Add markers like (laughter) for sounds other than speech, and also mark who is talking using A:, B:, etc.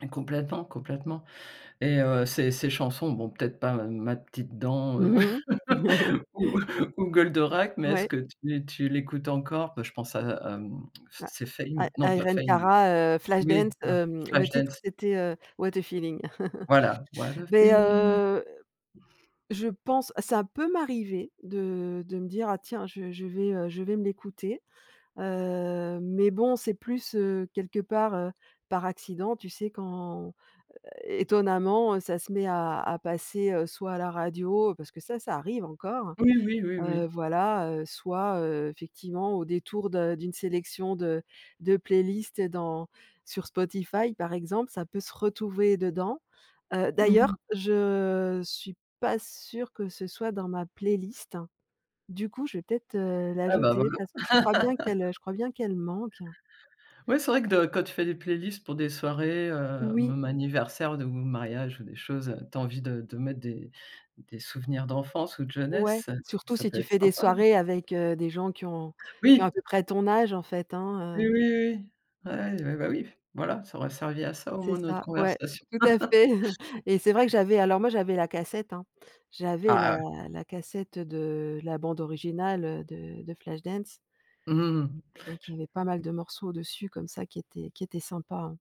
A: Et complètement complètement et heu ces ces chansons, bon peut-être pas Ma petite dent, heu,
B: Mmh mh. (chuckles)
A: ou ou Goldorak, mais est-ce
B: Ouais.
A: que tu tu l'écoutes encore? Bah je pense à à, mmh (tsk)
B: I
A: c'est
B: i
A: Fame, non pas
B: Irene
A: Fame.
B: Cara, heu, Flashdance,
A: Oui,
B: hem, le titre
A: Flashdance.
B: c'était, heu, What a feeling. (chuckles)
A: Voilà, what a
B: Beh,
A: feel
B: heu, je pense, ça peut m'arriver de de me dire: «Ah tiens, je je vais, heu je vais me l'écouter» heu, mais bon, c'est plus, heu, quelque part, heu, par accident. Tu sais quand étonnamment, ça se met à à passer, heu, soit à la radio parce que ça, ça arrive encore,
A: Oui, oui, oui,
B: heu,
A: oui.
B: voilà, heu, soit, heu, effectivement au détour de d'une sélection de de playlist dans sur Spotify par exemple. Ça peut se retrouver dedans, heu,
A: Mmh
B: d'ailleurs,
A: mh.
B: je suis pas sûre que ce soit dans ma playlist. Du coup, je vais peut-être, heu,
A: Ah bah
B: l'ajouter
A: voilà.
B: parce que je crois bien qu'elle, heu
A: (laughs)
B: je crois bien qu'elle manque.
A: Ouais, c'est vrai que de quand tu fais des playlists pour des soirées, heu,
B: Oui.
A: même anniversaire de ou de mariage ou des choses, heu, tu as envie de de mettre des des souvenirs d'enfance ou de
B: Ouais,
A: jeunesse,
B: surtout
A: ça
B: si
A: peut
B: tu
A: être
B: fais des
A: sympa.
B: soirées avec, heu, des gens qui ont qui ont à
A: Oui.
B: peu près ton âge en fait, hein,
A: Oui,
B: heu
A: oui, oui. Ouais. Ah bah oui, voilà, ça aura servi à ça au
B: C'est
A: moins notre
B: ça, ouais,
A: conversation.
B: tout à
A: (chuckles)
B: fait (chuckles) et c'est vrai que j'avais alors moi j'avais la cassette, hein, j'avais
A: Ah
B: la
A: ouais.
B: la cassette, heu, de la bande originale, heu, de de Flashdance.
A: Mmh mh, mmh
B: Mmh et donc, il y avait pas mal de morceaux au-dessus comme ça qui étaient qui étaient sympa, hein.